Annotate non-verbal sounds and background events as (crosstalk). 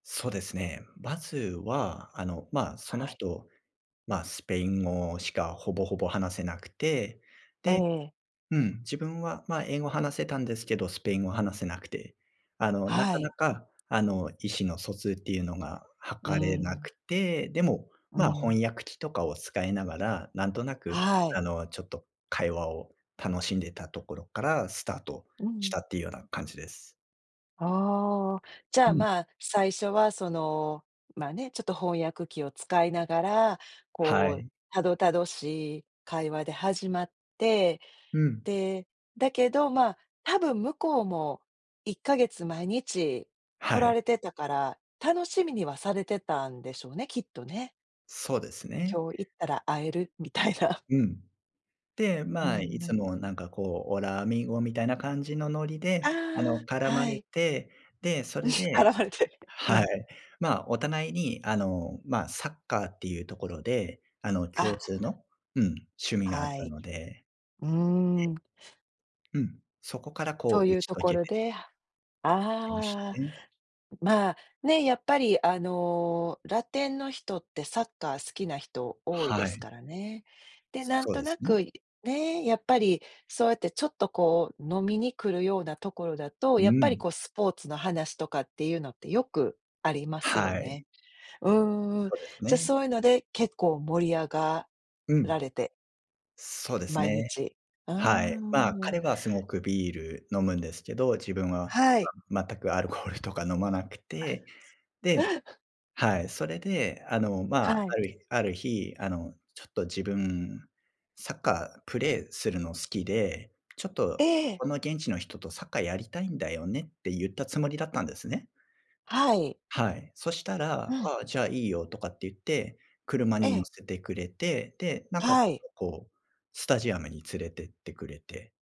そうですね。まずは、あの、ま、そのはい。人、ま、スペイン語しか、ほぼほぼ、話せなくて、えでえ。うん、自分は、ま、英語話せたんですけど、スペイン語話せなくて、あの、なはかい。なか、あの、意思の疎通って言うのが、う図れなん。くて。でも、うま、ん。翻訳機とかを使いながら、なんとなく、はい。あの、ちょっと会話を楽しんでたところからスタートうしん。たって言うような感じです。ああ、じゃあ、うん。ま、最初は、その、まあね、ちょっと翻訳機を使いながら、はこう、い。たどたどしい会話で始まって、うん。で、だけど、ま、多分向こうも1か月毎日来はらい。れてたから、楽しみにはされてたんでしょうね、きっとね。そうですね。今日行ったら会えるみたいな。うん。で、うんまあ、いうつん。もなんか、こうオラアミーゴみたいな感じのノリあで、あのあ、絡まはれい。て、で、それ (giggles) で絡まれて、うはん。い。ま、お互いに、あの、ま、サッカーって言うところで、あの共あ。通の、うん、趣味があっはたい。のでうーん。ええ。うん、そこから、そこうう打言うち解け所てで、いきましあ、たね。まあね、やっぱり、あの、ラテンの人って、サッカー好きな人多いではすい。からね。で、なんそうとでなすく、ね。ねえ、やっぱり、そうやって、ちょっと、こう飲みに来るような所だと、うやっぱり、ん。こうスポーツの話とかって言うのって、よくありますよはい。ね。うんうん。そうですじゃ、ね。そう言うので、結構盛り上がうらん。れて。そうです毎ね。日、うーはい。まあ、ん。彼は凄くビール飲むんですけど、自分ははい。(unintelligible) 全くアルコールとか飲まなくて、で、(giggles) はい、それで、あの、まあ、はい。ある日ある日、あのちょっと自分、サッカープレーするの好きで、ちょっえと、え。この現地の人とサッカーやりたいんだよねって、言ったつもりだったんですね。はい。はい。そしたうら、ん。ああ、じゃあいいよ、とかって言って、車に乗ええせてくれて、で、なんかはちょっい。と、こう、スタジアムに連れてってくれて